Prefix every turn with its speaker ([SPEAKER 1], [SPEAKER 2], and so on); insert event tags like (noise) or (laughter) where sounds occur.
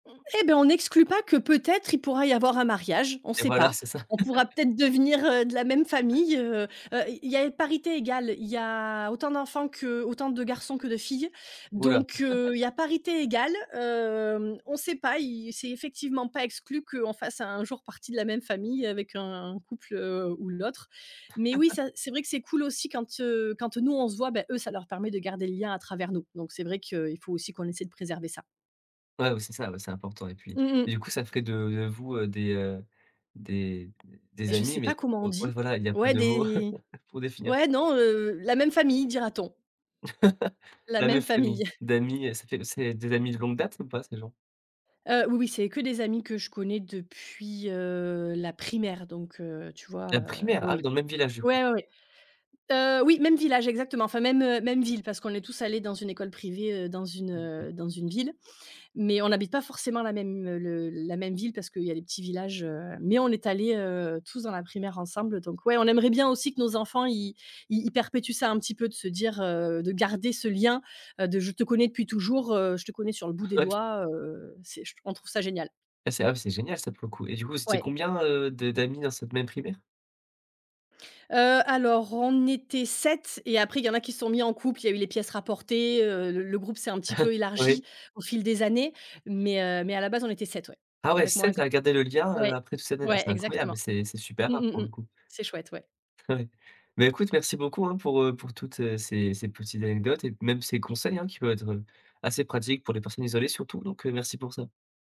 [SPEAKER 1] Eh beh, on n'exclut pas que peut-être, il pourra y avoir un mariage. On
[SPEAKER 2] Et
[SPEAKER 1] sait
[SPEAKER 2] voilà,
[SPEAKER 1] pas.
[SPEAKER 2] c'est ça.
[SPEAKER 1] On pourra
[SPEAKER 2] (laughs)
[SPEAKER 1] peut-être devenir, heu, de la même famille, heu. Heu, il il y a parité égale. Il y a autant d'enfants que autant de garçons que de filles
[SPEAKER 2] Ouh là.
[SPEAKER 1] donc, heu, il y
[SPEAKER 2] (laughs)
[SPEAKER 1] a parité égale. Hem, on sait pas. Y c'est effectivement pas exclu qu'on fasse un jour partie de la même famille avec un couple, heu, ou l'autre mais oui,
[SPEAKER 2] (laughs)
[SPEAKER 1] ça, c'est c'est vrai que c'est cool aussi quand, heu, quand nous, on se voit, bah, eux, ça leur permet de garder le lien à travers nous donc, c'est vrai qu'il faut aussi qu'on essaie de préserver ça.
[SPEAKER 2] Ouais ouais, c'est ça, ouais, c'est important et puis,
[SPEAKER 1] Mmh mh.
[SPEAKER 2] du coup, ça te ferait de de vous, heu, des heu, des des
[SPEAKER 1] Mais je
[SPEAKER 2] amis,
[SPEAKER 1] sais
[SPEAKER 2] mais
[SPEAKER 1] pas comment on
[SPEAKER 2] heu, ouais,
[SPEAKER 1] dit.
[SPEAKER 2] voilà, il y a pas
[SPEAKER 1] Ouais,
[SPEAKER 2] de mot
[SPEAKER 1] des
[SPEAKER 2] (chuckles) pour définir.
[SPEAKER 1] ouais, non, heu, «La même famille», dira-t-on.
[SPEAKER 2] (laughs)
[SPEAKER 1] La
[SPEAKER 2] La même
[SPEAKER 1] même famille.
[SPEAKER 2] famille,
[SPEAKER 1] (chuckles)
[SPEAKER 2] d'amis, heu ça fait c'est des amis de longue date ou pas, ces gens?
[SPEAKER 1] Heu, oui oui, c'est que des amis que je connais depuis, heu, la primaire, donc, heu, tu vois?
[SPEAKER 2] La
[SPEAKER 1] Heu,
[SPEAKER 2] primaire!
[SPEAKER 1] oui
[SPEAKER 2] Ah oui,
[SPEAKER 1] oui.
[SPEAKER 2] dans le même village, du coup.
[SPEAKER 1] Ouais, ouais, ouais. Heu, oui. Même village, exactement. Enfin, même, heu, même ville parce qu'on est tous allés dans une école privée, heu, dans une,
[SPEAKER 2] Ah OK.
[SPEAKER 1] heu, dans une ville mais on n'habite pas forcément la même, heu, le la même ville parce qu'il y a les petits villages, heu mais on est allés, heu, tous dans la primaire ensemble donc, ouais, on aimerait bien aussi que nos enfants, ils ils ils perpétuent ça un petit peu de se dire, heu, de garder ce lien, heu, de, je te connais depuis toujours, heu, je te connais sur le bout des
[SPEAKER 2] (unintelligible)
[SPEAKER 1] doigts, heu, c'est je on trouve ça génial.
[SPEAKER 2] C'est abs c'est génial ça, pour le coup et du coup, vous étiez
[SPEAKER 1] Ouais.
[SPEAKER 2] combien, heu, de d'amis dans cette même primaire?
[SPEAKER 1] Heu, alors, on était 7, et après, il y en a qui se sont mis en couple, il y a eu les pièces rapportées, heu, le le groupe s'est un petit
[SPEAKER 2] (chuckles)
[SPEAKER 1] peu
[SPEAKER 2] Oui.
[SPEAKER 1] élargi au fil des années. Mais, heu mais à la base, on était 7, ouais,
[SPEAKER 2] Ah ouais,
[SPEAKER 1] avec moi
[SPEAKER 2] 7 à
[SPEAKER 1] inclus.
[SPEAKER 2] garder le lien, heu,
[SPEAKER 1] Ouais,
[SPEAKER 2] après toutes ces années. Ah,
[SPEAKER 1] ouais
[SPEAKER 2] c'est incroyable,
[SPEAKER 1] exactement.
[SPEAKER 2] c'est c'est super
[SPEAKER 1] Mmh,
[SPEAKER 2] rare,
[SPEAKER 1] mmh,
[SPEAKER 2] pour le
[SPEAKER 1] mmh.
[SPEAKER 2] coup.
[SPEAKER 1] C'est chouette, ouais.
[SPEAKER 2] Ouais. Mais écoute, merci beaucoup, hein, pour, heu, pour toutes, heu, ces ces petites anecdotes et même ces conseils, hein, qui peuvent être assez pratiques pour les personnes isolées surtout donc, heu, merci pour ça.